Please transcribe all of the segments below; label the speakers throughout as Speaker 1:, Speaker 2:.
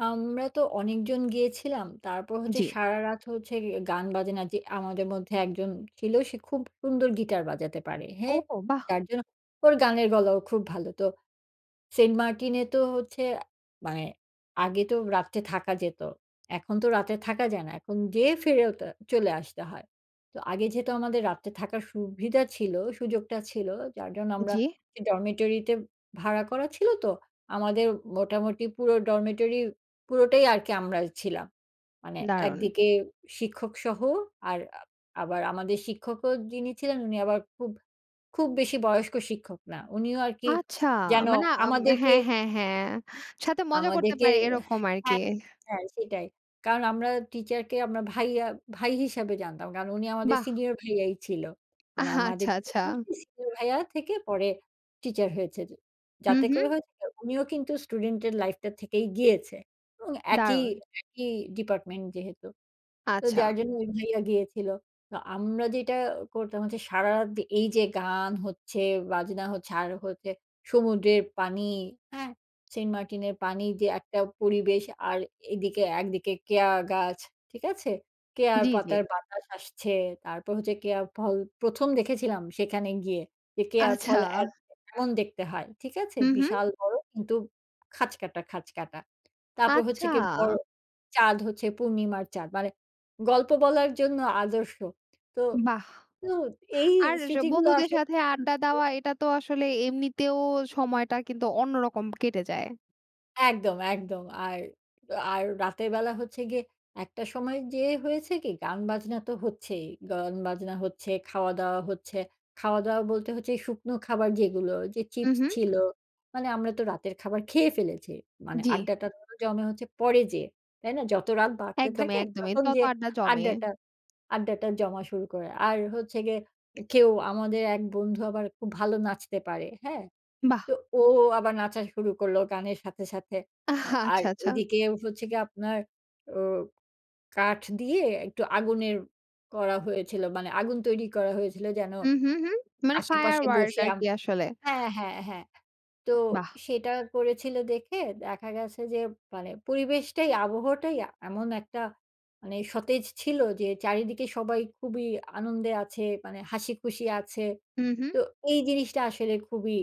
Speaker 1: আম এতে অনেকজন গিয়েছিলাম তারপর হচ্ছে
Speaker 2: জি।
Speaker 1: সারারাত হয়েছে গিয়ে গান-বাজনার যে আমাদের মধ্যে ১ জন ছিল সে খুব সুন্দর গিটার বাজাতে পারে। হ্যাঁ?
Speaker 2: ও বাহ্!
Speaker 1: যার জন্য ওর গানের গলাও খুব ভালো। তো সেন্ট মার্টিন এ তো হচ্ছে মানে আগে তো রাত্রে থাকা যেত এখন তো রাত্রে থাকা যায় না। এখন যেয়ে ফেরত আ চলে আসতে হয়। তো আগে যেহেতু আমাদের রাত্রে থাকার সুবিধা ছিল, সুযোগটা ছিল যার জন্য আমরা
Speaker 2: জি।
Speaker 1: ডরমিটরিতে ভাড়া করা ছিল তো আমাদের মোটামুটি পুরো ডরমিটরি পুরোটাই আরকি আমরা ছিলাম। মানে
Speaker 2: দারুণ।
Speaker 1: একদিকে শিক্ষক সহ আর আ আবার আমাদের শিক্ষকও যিনি ছিলেন উনি আবার খুব, খুব বেশি বয়স্ক শিক্ষক না উনিও আর কি
Speaker 2: আচ্ছা
Speaker 1: যেন
Speaker 2: মানে আম
Speaker 1: আমাদেরকে
Speaker 2: হ্যাঁ, হ্যাঁ, হ্যাঁ সাথে মজা করতে
Speaker 1: আমাদেরকে
Speaker 2: পারে এরকম আরকি।
Speaker 1: হ্যাঁ, হ্যাঁ সেটাই কারণ আমরা টিচার কে আমরা ভাইয়া ভাই হিসেবে জানতাম। কারণ উনি আমাদের
Speaker 2: বাহ।
Speaker 1: সিনিয়র ভাইয়া ভাই ছিল। মানে আমাদের
Speaker 2: আহাচ্ছা, আচ্ছা।
Speaker 1: [unintelligible] ভাইয়া থেকে পরে টিচার হয়েছে।
Speaker 2: হুম,
Speaker 1: যাতে করে
Speaker 2: হুম।
Speaker 1: হয়েছে উনিও কিন্তু স্টুডেন্ট এর লাইফ টা থেকেই গিয়েছে এবং একই,
Speaker 2: দারুণ।
Speaker 1: একই ডিপার্টমেন্ট যেহেতু। তো
Speaker 2: আচ্ছা।
Speaker 1: যার জন্য ওই ভাইয়া গিয়েছিল। তো আমরা যেইটা করতাম হচ্ছে সারারাত যে এই যে গান হচ্ছে ,বাজনা হচ্ছে, আর হচ্ছে সমুদ্রের পানি, হ্যাঁ? সেন্ট মার্টিনের পানি যে একটা পরিবেশ, আর এদিকে একদিকে কেয়া গাছ। ঠিক আছে? কেয়া
Speaker 2: জি, জি।
Speaker 1: পাতার বাতাস আসছে তারপর হচ্ছে কেয়ার ফল প্রথম দেখেছিলাম সেখানে গিয়ে। যে কেয়ার ফল
Speaker 2: আচ্ছা।
Speaker 1: এমন দেখতে হয়। ঠিক আছে?
Speaker 2: হুম, হুম।
Speaker 1: বিশাল বড় কিন্তু খাঁচকাটা, খাঁচকাটা তারপর হচ্ছে
Speaker 2: আচ্ছা।
Speaker 1: গিয়ে বড় চাঁদ হচ্ছে পূর্ণিমার চাঁদ মানে গল্প বলার জন্য আদর্শ। তো,
Speaker 2: বাহ!
Speaker 1: তো এই
Speaker 2: আর যে
Speaker 1: স্মৃতিগুলা
Speaker 2: বন্ধুদের
Speaker 1: আসে।
Speaker 2: সাথে আড্ডা
Speaker 1: [unintelligible]
Speaker 2: দেওয়া এটা তো আসলে এমনিতেও সময়টা কিন্তু অন্যরকম কেটে যায়।
Speaker 1: একদম, একদম আর, আর রাতের বেলা হচ্ছে গিয়ে একটা সময় যেয়ে হয়েছে কি গান-বাজনা তো হচ্ছেই গান-বাজনা হচ্ছে, খাওয়া-দাওয়া হচ্ছে খাওয়া-দাওয়া বলতে হচ্ছে শুকনো খাবার যেগুলো যে
Speaker 2: হুম,
Speaker 1: চিপস
Speaker 2: হুম।
Speaker 1: ছিল, মানে আমরা তো রাতের খাবার খেয়ে ফেলেছি। মানে
Speaker 2: জ্বি।
Speaker 1: আড্ডাটা জমে হচ্ছে পরে যেয়ে তাই না? যত রাত বাড়তে
Speaker 2: একদমই,
Speaker 1: থাকে
Speaker 2: একদমই।
Speaker 1: তখন
Speaker 2: ততো
Speaker 1: যে
Speaker 2: আড্ডা জমে।
Speaker 1: আড্ডাটা, আড্ডাটা জমা শুরু করে। আর হচ্ছে গিয়ে এ কেউ আমাদের ১ বন্ধু আবার খুব ভালো নাচতে পারে। হ্যাঁ? তো
Speaker 2: বাহ!
Speaker 1: ও আবার নাচা শুরু করল গানের সাথে, সাথে আ
Speaker 2: আহ
Speaker 1: আর
Speaker 2: আচ্ছা, আচ্ছা।
Speaker 1: ওইদিকে হচ্ছে গিয়ে আপনার ও কাঠ দিয়ে একটু আগুনের করা হয়েছিল মানে আগুন তৈরি করা হয়েছিল যেন
Speaker 2: হুম, হুম, হুম। মানে ফায়ার
Speaker 1: আশেপাশে
Speaker 2: ওয়ার্ক
Speaker 1: বসে আম
Speaker 2: আরকি আসলে।
Speaker 1: হ্যাঁ, হ্যাঁ, হ্যাঁ তো
Speaker 2: বাহ!
Speaker 1: সেটা করেছিল দেখে দেখা গেছে যে মানে পরিবেশটাই আবহাওয়াটাই এমন একটা মানে সতেজ ছিল যে চারিদিকে সবাই খুবই আনন্দে আছে, মানে হাসিখুশি আছে।
Speaker 2: হুম, হুম।
Speaker 1: তো এই জিনিসটা আসলে খুবই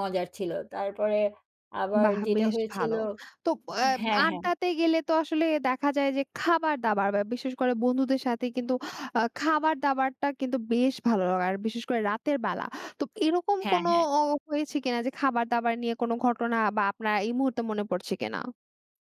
Speaker 1: মজার ছিল। তারপরে আবার
Speaker 2: বাহ!
Speaker 1: যেটা
Speaker 2: বেশ
Speaker 1: হয়েছিল
Speaker 2: ভালো। তো এব
Speaker 1: হ্যাঁ, হ্যাঁ।
Speaker 2: আড্ডাতে গেলে তো আসলে দেখা যায় যে খাবার-দাবার বা বিশেষ করে বন্ধুদের সাথে কিন্তু আ খাবার-দাবারটা কিন্তু বেশ ভালো লাগে আর বিশেষ করে রাতের বেলা। তো এরকম
Speaker 1: হ্যাঁ,
Speaker 2: কোনো
Speaker 1: হ্যাঁ।
Speaker 2: ও হয়েছে কিনা যে, খাবার-দাবার নিয়ে কোনো ঘটনা বা আপনার এই মুহূর্তে মনে পড়ছে কিনা?